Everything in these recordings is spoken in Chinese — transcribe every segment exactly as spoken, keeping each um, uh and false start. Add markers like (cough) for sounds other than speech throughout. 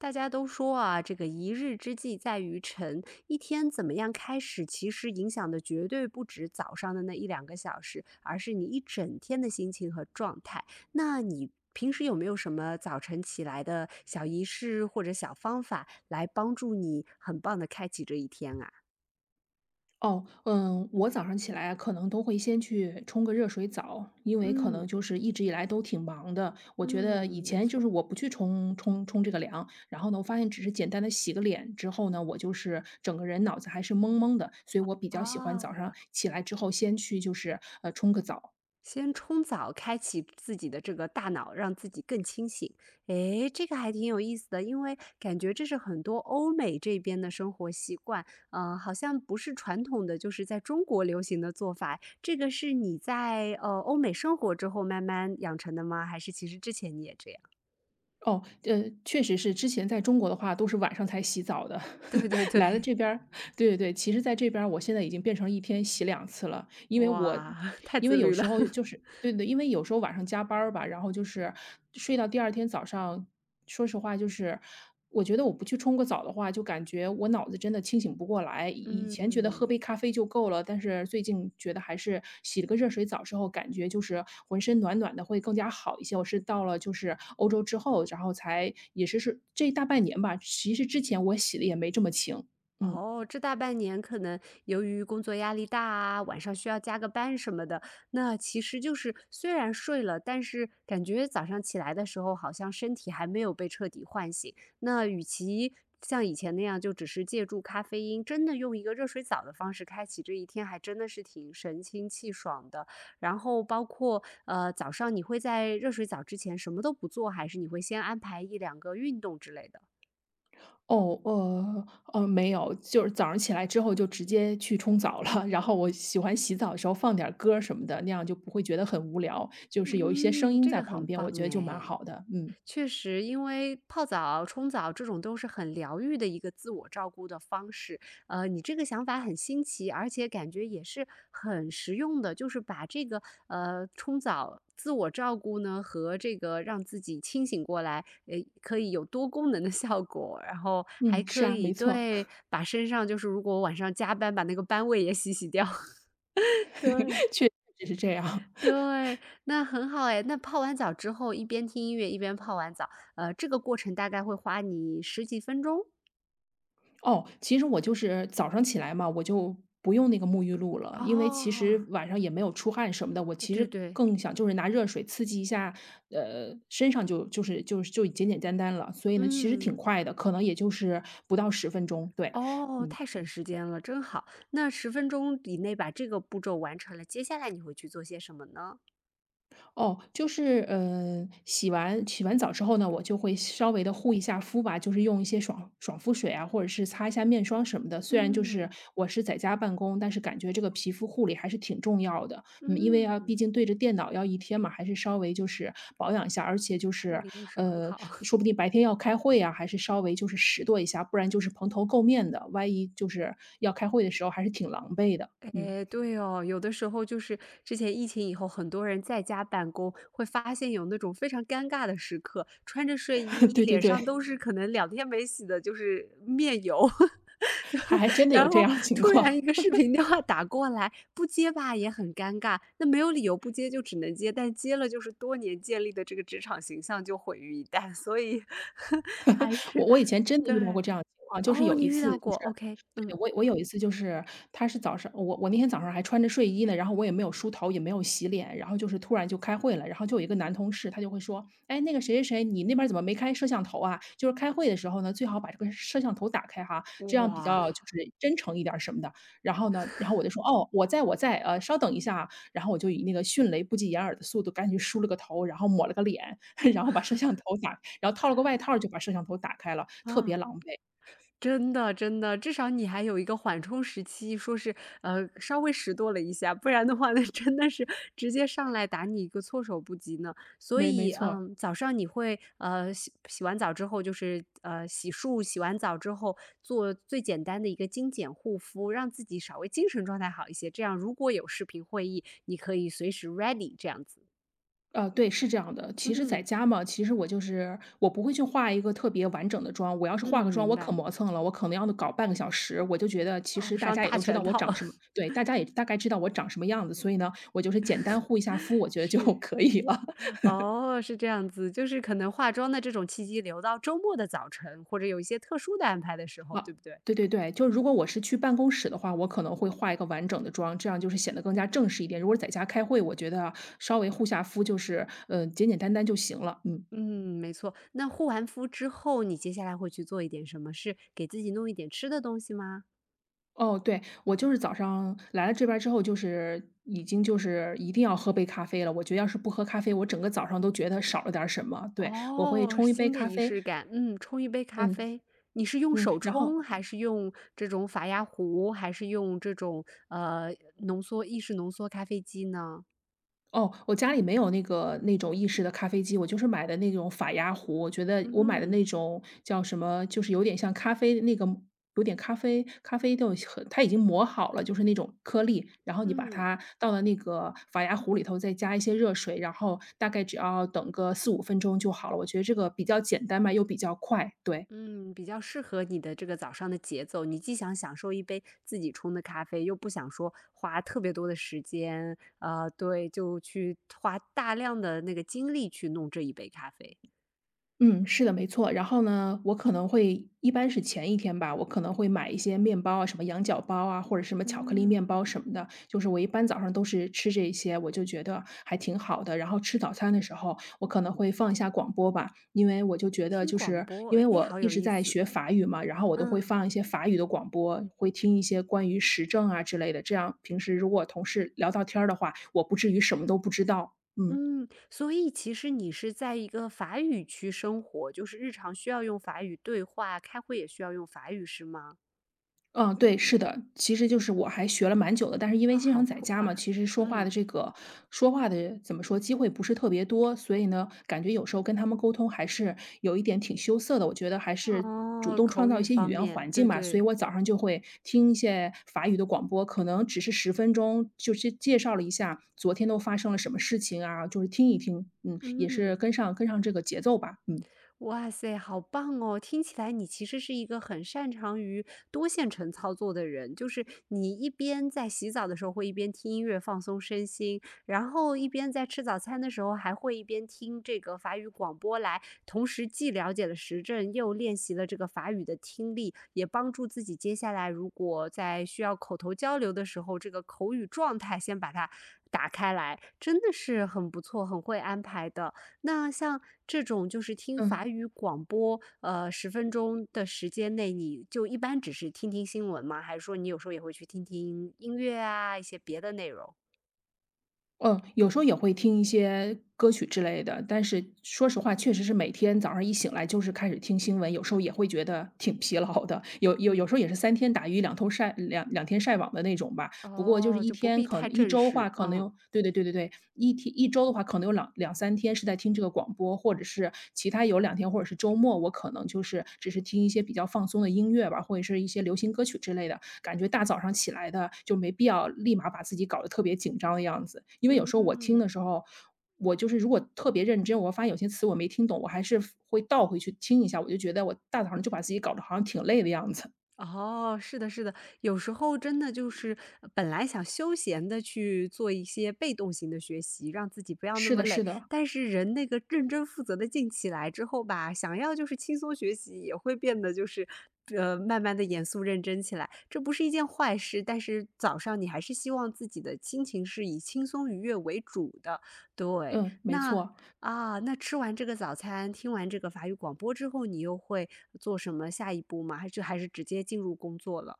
大家都说啊，这个一日之计在于晨，一天怎么样开始其实影响的绝对不只早上的那一两个小时，而是你一整天的心情和状态，那你平时有没有什么早晨起来的小仪式或者小方法来帮助你很棒地开启这一天啊？哦，嗯，我早上起来可能都会先去冲个热水澡，因为可能嗯。就是一直以来都挺忙的，我觉嗯，得以没前就错。是我不去冲冲冲这个凉，然后呢发现只是简单地洗个脸之后呢，我就是整个人脑子还是懵懵的，所以我比较喜欢早上哦。起来之后先去就是，呃，冲个澡。先冲澡开启自己的这个大脑，让自己更清醒。哎，这个还挺有意思的。因为感觉这是很多欧美这边的生活习惯，嗯，好像不是传统的就是在中国流行的做法。这个是你在，呃，欧美生活之后慢慢养成的吗？还是其实之前你也这样？哦，呃，确实是，之前在中国的话都是晚上才洗澡的。对对 (laughs) 来了对。这边儿对对对，其实在这边儿我现在已经变成一天洗两次了，因为我哇，(laughs) 太因自为有律了。时候 (laughs) 就是对对，因为有时候晚上加班儿吧，然后就是睡到第二天早上，说实话就是我觉得我不去冲个澡的话就感觉我脑子真的清醒不过来。以以前觉得喝嗯。杯咖啡就够了，但是最近觉得还是洗了个热水澡之后感觉就是浑身暖暖的会更加好一些，我是到了就是欧洲之后，然后才也是是这大半年吧，其实之前我洗得也没这么勤，嗯。哦，这大半年可能由于工作压力大啊，晚上需要加个班什么的，那其实就是虽然睡了，但是感觉早上起来的时候好像身体还没有被彻底唤醒。那与其像以前那样，就只是借助咖啡因，真的用一个热水澡的方式开启这一天还真的是挺神清气爽的，然后包括，呃，早上你会在热水澡之前什么都不做，还是你会先安排一两个运动之类的。哦，呃，呃，没有。就是早上起来之后就直接去冲澡了，然后我喜欢洗澡的时候放点歌儿什么的，那样就不会觉得很无聊，就是有一些声嗯，音这在个旁很边，棒我觉得就蛮哎，好的。嗯。确实因为泡澡冲澡这种都是很疗愈的一个自我照顾的方式，呃，你这个想法很新奇，而且感觉也是很实用的，就是把这个，呃，冲澡，自我照顾呢和这个让自己清醒过来，唉，可以有多功能的效果，然后还嗯，是可啊，以没错。对，(laughs) 把身上就是如果晚上加班，把那个班味也洗洗掉。(laughs) 对。(laughs) 确实是这样。(laughs) 对，那很好哎，那泡完澡之后一边听音乐一边泡完澡。呃，这个过程大概会花你十几分钟？哦，其实我就是早上起来嘛，我就不用那个沐浴露了。因为其哦。实晚上也没有出汗什么的，我其对实对。更想就是拿热水刺激一下，呃，身上就就是就就简简单单了。所以呢其实嗯。挺快的，可能也就是不到十分钟。对。哦，嗯。太省时间了，真好，那十分钟以内把这个步骤完成了，接下来你会去做些什么呢？哦，就是，呃，洗完洗完澡之后呢，我就会稍微地护一下肤吧，就是用一些爽爽肤水啊，或者是擦一下面霜什么的。虽然就是嗯。我是在家办公，但是感觉这个皮肤护理还是挺重要的。嗯，因为要毕嗯。竟对着电脑要一天嘛，还是稍微就是保养一下，而且就这护是，理意识很呃，好。(chuckles) 说不定白天要开会啊，还是稍微就是拾掇一下，不然就是蓬头垢面的，万一就是要开会的时候还是挺狼狈的，嗯。哎，对哦，有的时候就是，之前疫情以后，很多人在家办公，会发现有那种非常尴尬的时刻，穿着睡衣，(chuckles) 对对脸对。上 (chuckles) 都是可能两天没洗的就是面油。(laughs) 就还还真的有然这后样的情突然一况。个视 (laughs) 频电话打过来，不接吧也很尴尬，那没有理由不接就只能接，但接了就是多年建立的这个职场形象就毁于一旦，所以，还 (laughs) 我是我以前真的遇到对。过这样的情况。就是哦，有你一遇次就到过是，OK，对，嗯。我我有一次就是它是早上我我那天早上还穿着睡衣呢，然后我也没有梳头也没有洗脸，然后就是突然就开会了，然后就有一个男同事，他就会说：“哎，那个谁谁谁你那边儿怎么没开摄像头啊，就是开会的时候呢，最好把这个摄像头打开哈，这样比哇。较就是真诚一点儿什么的。”然后呢，然后我 (chuckles) 就说：“哦，我在我在，呃，稍等一下啊。”然后我就以那个迅雷不及掩耳的速度，赶紧梳了个头，然后抹了个脸，(chuckles) 然后把摄像 (chuckles) 头打然后套了个外套儿就把摄像头打开了，特别嗯。狼狈。(chuckles) 真的真的，至少你还有一个缓冲时期，说是，呃，稍微拾掇了一下。不然的话，那真的是，直接上来打你一个措手不及呢。所没没以，错。嗯，早上你会，呃，洗洗完澡之后就是嗯，洗漱，洗完澡之后，做最简单的一个精简护肤，让自己稍微精神状态好一些，这样如果有视频会议，你可以随时 ready 这样子。呃，对，是这样的。其实在嗯。家嘛，其实我就是我不会去画一个特别完整的妆。我要是嗯，化个妆明我可白。磨蹭了，我可能要搞半个小时，我就觉得其哦，实大上家也大都知全道我套。长什么对，大 (chuckles) 家也大概知道我长什么样子，所以呢，我就是简单护一下肤，我 (chuckles) 觉得就是。可以了。(chuckles) 哦，是这样子。就是可能化妆的这种契机留到周末的早晨，或者有一些特殊的安排的时候，啊，对不对？对对对，就如果我是去办公室的话，我可能会画一个完整的妆，这样就是显得更加正式一点。如果在家开会，我觉得稍微护下肤，就是，呃，简简单单就行了，嗯。嗯，没错。那护完肤之后，你接下来会去做一点什么事，给自己弄一点吃的东西吗？哦，对。我就是早上来了这边儿之后就是已经就是一定要喝杯咖啡了，我觉得要是不喝咖啡，我整个早上都觉得少了点儿什么。对，我会哦，冲一杯新的咖仪啡式感。嗯，冲一杯咖嗯，啡。你是用嗯，手然后冲还是用这种法压壶，还是用这种，呃，浓缩意式浓缩咖啡机呢？哦，我家里没有那个那种意式的咖啡机，我就是买的那种法压壶。我觉得嗯我买的哼。那种叫什么，就是有点像咖啡的那个有点咖啡咖啡豆它已经磨好了，就是那种颗粒。然后你把嗯。它倒到那个法压壶里头，再加一些热水，然后大概只要等个四五分钟就好了，我觉得这个比较简单嘛，又比较快，对。嗯，比较适合你的这个早上的节奏。你既想享受一杯自己冲的咖啡，又不想说，花特别多的时间，呃，对，就去花大量的那个精力去弄这一杯咖啡。嗯，是的，没错。然后呢，我可能会一般是前一天吧，我可能会买一些面包啊，什么羊角包啊，或者什么巧克力面嗯。包什么的，就是我一般早上都是吃这一些，我就觉得还挺好的。然后吃早餐的时候我可能会放一下广播吧，因为我就觉得听就广是，播，因为诶，我好一有直意在思。学法语嘛，然后我都会嗯。放一些法语的广播，会听一些关于时政啊之类的，这样平时如果同事聊到天儿的话，我不至于什么都不知道，嗯。嗯，所以其实你是在一个法语区生活，就是日常需要用法语对话，开会也需要用法语，是吗？嗯，对，是的，其实就是我还学了蛮久的，但是因为啊，经常好在酷家嘛，啊。其实说话的嗯。这个说话的怎么说？机会不是特别多，所以呢，感觉有时候跟他们沟通还是有一点挺羞涩的。我觉得还是主哦，动口创造一语些语方言面，环境对吧，所以对。我早上儿就会听一些法语的广播，可能只是十分钟，就是介绍了一下昨天都发生了什么事情啊，就是听一听，嗯，也是嗯。跟上跟上这个节奏吧，嗯。哇塞，好棒哦！听起来你其实是一个很擅长于多线程操作的人，就是你一边在洗澡的时候，会一边听音乐放松身心，然后一边在吃早餐的时候，还会一边听这个法语广播来同时既了解了时政，又练习了这个法语的听力，也帮助自己接下来如果在需要口头交流的时候，这个口语状态先把它打开来。真的是很不错，很会安排的。那像这种就是听法嗯。语广播，呃，十分钟的时间内，你就一般只是听听新闻吗？还是说你有时候也会去听听音乐啊，一些别的内容？嗯，有时候也会听一些歌曲之类的，但是说实话确实是每天早上一醒来就是开始听新闻，有时候也会觉得挺疲劳的。有有有嗯。时候也是三天打鱼两头晒两两天晒网的那种吧，不过就是哦，一就不天必可太一正周式，话可能嗯。有对对对对对，一天一周的话可能有朗两三天是在听这个广播或者是其他有两天或者是周末，我可能就是只是听一些比较放松的音乐吧，或者是一些流行歌曲之类的，感觉大早上起来的就没必要立马把自己搞得特别紧张的样子。因为有时候我听的嗯。时候，我就是如果特别认真，我发现有些词我没听懂，我还是会倒回去听一下，我就觉得我大早上就把自己搞得好像挺累的样子。哦，是的是的。有时候真的就是，本来想休闲地去做一些被动型的学习，让自己不要那是么的累。是的。但是人那个认真负责的劲起来之后吧，想要就是轻松学习，也会变得就是，呃，慢慢地严肃认真起来。这不是一件坏事，但是早上你还是希望自己的心情是以轻松愉悦为主的，对。嗯，没那，错。啊，那吃完这个早餐，听完这个法语广播之后，你又会做什么下一步吗，还就还是直接进入工作了？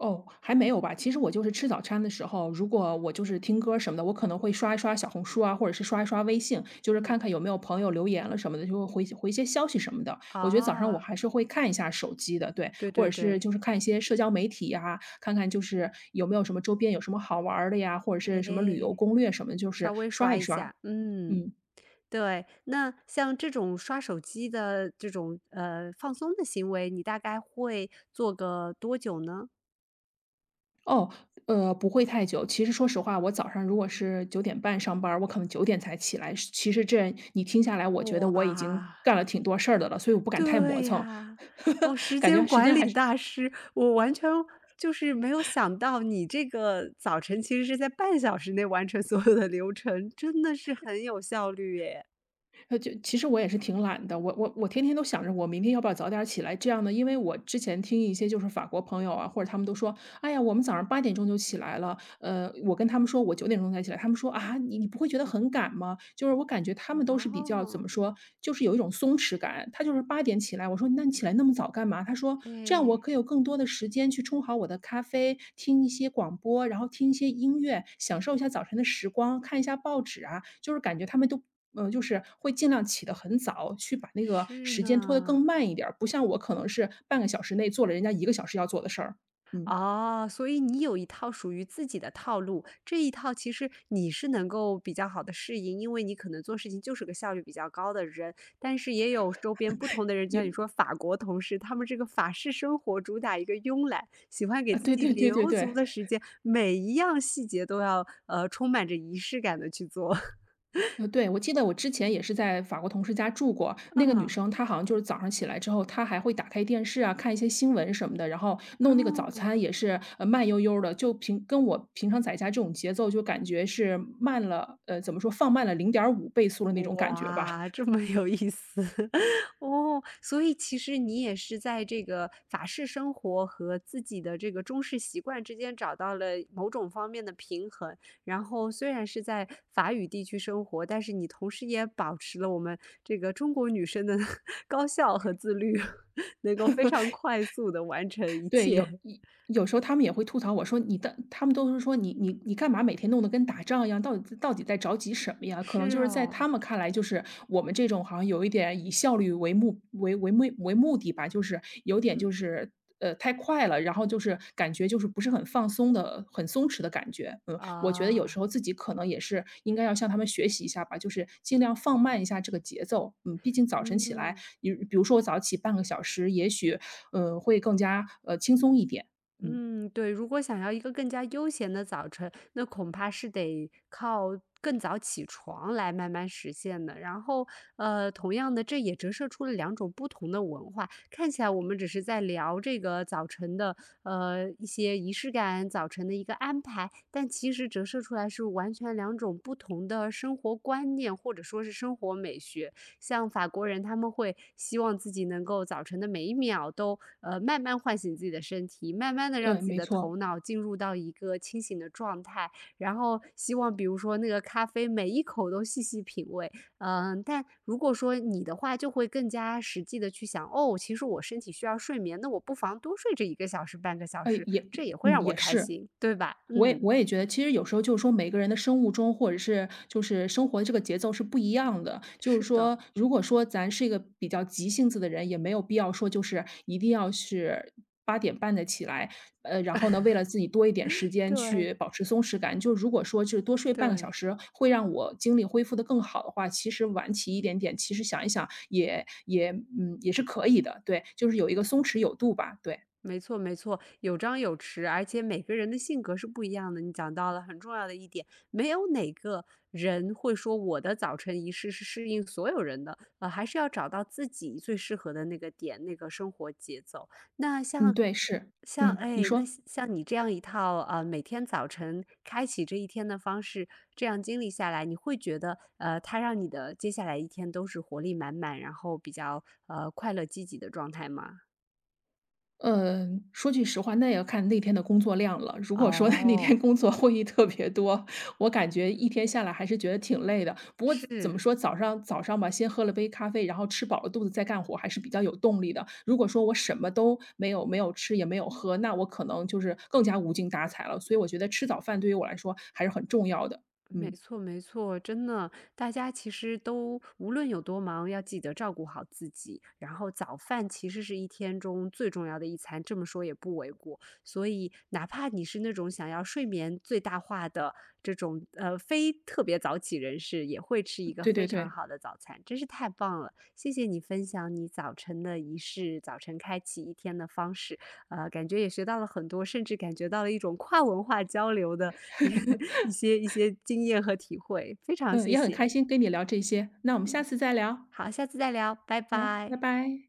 哦，还没有吧。其实我就是吃找掺的时候，如果我就是听歌什么的，我可能会刷一刷小红书啊，或者是刷一刷微信。就是嗯。看看有没有朋友留言了什么的，就回些回些消息什么的。我觉得早上我啊。还是会看一下手机的，对。对或对者是对。就是看一些社交媒体呀，看看就是有没有什么周边有什么好玩儿的呀，或者是什么旅诶，游攻略什么的，就是稍微刷刷一一刷。下。嗯，嗯。对，那像这种刷手机的这种，呃，放松的行为，你大概会做个多久呢？哦，呃，不会太久。其实说实话，我早上如果是九点半上班儿，我可能九点才起来。其实这，你听下来我觉得我已经哇。干了挺多事儿的了，所以我不敢太磨对蹭。呀。哦，时 (laughs) 感间觉时管间还理是大师，我完全，就是没有想到你这个早晨其实是在半小时内完成所有的流程，真的是 (chuckles) 很有效率耶。那就其实我也是挺懒的，我我我天天都想着我明天要不要早点起来。这样呢，因为我之前听一些就是法国朋友啊，或者他们都说：“哎呀，我们早上八点钟就起来了”，呃，我跟他们说我九点钟才起来。他们说：“啊，你你不会觉得很赶吗？”就是我感觉他们都是比较怎么哦。说，就是有一种松弛感。他就是八点起来，我说：“那你起来那么早干嘛”，他说：“这样我诶。可以有更多的时间去冲好我的咖啡，听一些广播，然后听一些音乐，享受一下早晨的时光，看一下报纸啊。”就是感觉他们都嗯，就是会尽量起得很早去把那个是时间拖得更呢。慢一点儿。不像我可能是半个小时内做了人家一个小时要做的事儿。嗯。哦，所以你有一套属于自己的套路。这一套其实你是能够比较好地适应，因为你可能做事情就是个效率比较高的人。但是也有周边不同 (chuckles) 的人，也像你说法国同事，他们这个法式生活主打一个庸懒，喜欢给啊，自对己对对对留对。足的时 (chuckles) 间，每一样细节都要，呃，充满着仪式感地去做。(chuckles) 呃，对。我记得我之前也是在法国同事家住过。那个女嗯。生，她好像就是早上起来之后她还会打开电视啊，看一些新闻什么的，然后弄那个早餐哦。也是，呃，慢悠悠的。就平跟我平常在家这种节奏就感觉是慢了，呃，怎么说放慢了零点五倍速的那种感觉吧。哇，这 (chuckles) 么有意思。(chuckles) 哦，所以其实你也是在这个法式生活和自己的这个中式习惯之间找到了某种方面的平衡。然后虽然是在法语地区生活，但是你同时也保持了我们这个中国女生的，(chuckles) 高效和自律，(chuckles) 能够非常快速地完成一 (laughs) 对，切。有 (chuckles) 有有时候他们也会吐槽我说，你的他们都是说：“你你你干嘛每天弄得跟打仗一样，到底到底在着急什么呀。”可能是就是在他哦。们看来，就是我们这种好像有一点以效率为目为为目嗯。为目的吧。就是有点嗯。就是，呃，太快了。然后就是感觉就是不是很放松的很松弛的感觉。嗯，我觉得有时啊。候自己可能也是应该要向他们学习一下吧，就是尽量放慢一下这个节奏。嗯，毕竟早晨起来，嗯。比比如说我早起半个小时，也许，嗯，会更加，呃，轻松一点。嗯。嗯，对，如果想要一个更加悠闲的早晨，那恐怕是得靠更早起床来慢慢实现的。然后，呃，同样的这也折射出了两种不同的文化，看起来我们只是在聊这个早晨的，呃，一些仪式感，早晨的一个安排。但其实折射出来是完全两种不同的生活观念，或者说是生活美学。像法国人他们会希望自己能够早晨的每一秒都，呃，慢慢唤醒自己的身体，慢慢地让对，自己没的错。头脑进入到一个清醒的状态，然后希望比如说那个咖啡每一口都细细品味。嗯，但如果说你的话就会更加实际地去想，哦，其实我身体需要睡眠，那我不妨多睡这一个小时，半个小呃，时，也这也会嗯，让我也开是。心，对吧？我也嗯。我也觉得其实有时候就是说每个人的生物钟，或者是就是生活的这个节奏是不一样的。就是是的。说如果说咱是一个比较急性子的人，也没有必要说就是一定要是八点半再起来。呃，然后呢，为了自己多一点时 (chuckles) 间对。去保持松弛感。就是如果说就多睡半个小对。时会让我精力恢复得更好的话，其实晚起一点点，其实想一想也也嗯，也是可以的。对，就是有一个松弛有度吧，对。没错没错，有张有弛，而且每个人的性格是不一样的，你讲到了很重要的一点。没有哪个人会说我的早晨仪式是适应所有人的，呃，还是要找到自己最适合的那个点，那个生活节奏。那嗯，像对，是，像嗯，你哎，那说。像像你这样一套，嗯，每天早晨开启这一天的方式，这样经历下来，你会觉得，呃，它让你的接下来一天都是活力满满，然后比较，呃，快乐积极的状态吗？嗯，说句实话那也看那天的工作量了。如果说 (laughs) 那天哦。工作会议特别多，我感觉一天下来还是觉得挺累的。不过怎么是。说，早上早上吧，先喝了杯咖啡，然后吃饱了肚子再干活还是比较有动力的。如果说我什么都没有没有吃，也没有喝，那我可能就是更加无精打采了。所以我觉得吃早饭对于我来说还是很重要的，没嗯。错没错。真的，大家其实都无论有多忙，要记得照顾好自己，然后早饭其实是一天中最重要的一餐，这么说也不为过。所以哪怕你是那种想要睡眠最大化的这种，呃，非特别早起人士也会吃一个对非对常对。好的早餐，真是太棒了。谢谢你分享你早晨的仪式，早晨开启一天的方式。呃，感觉也学到了很多，甚至感觉到了一种跨文化交流的 (laughs) 一些一 (laughs) 些经验和体会，非常嗯，谢也很开谢。心跟你聊这些，那我们嗯，下次再聊。好，下次再聊，拜好，拜拜。拜。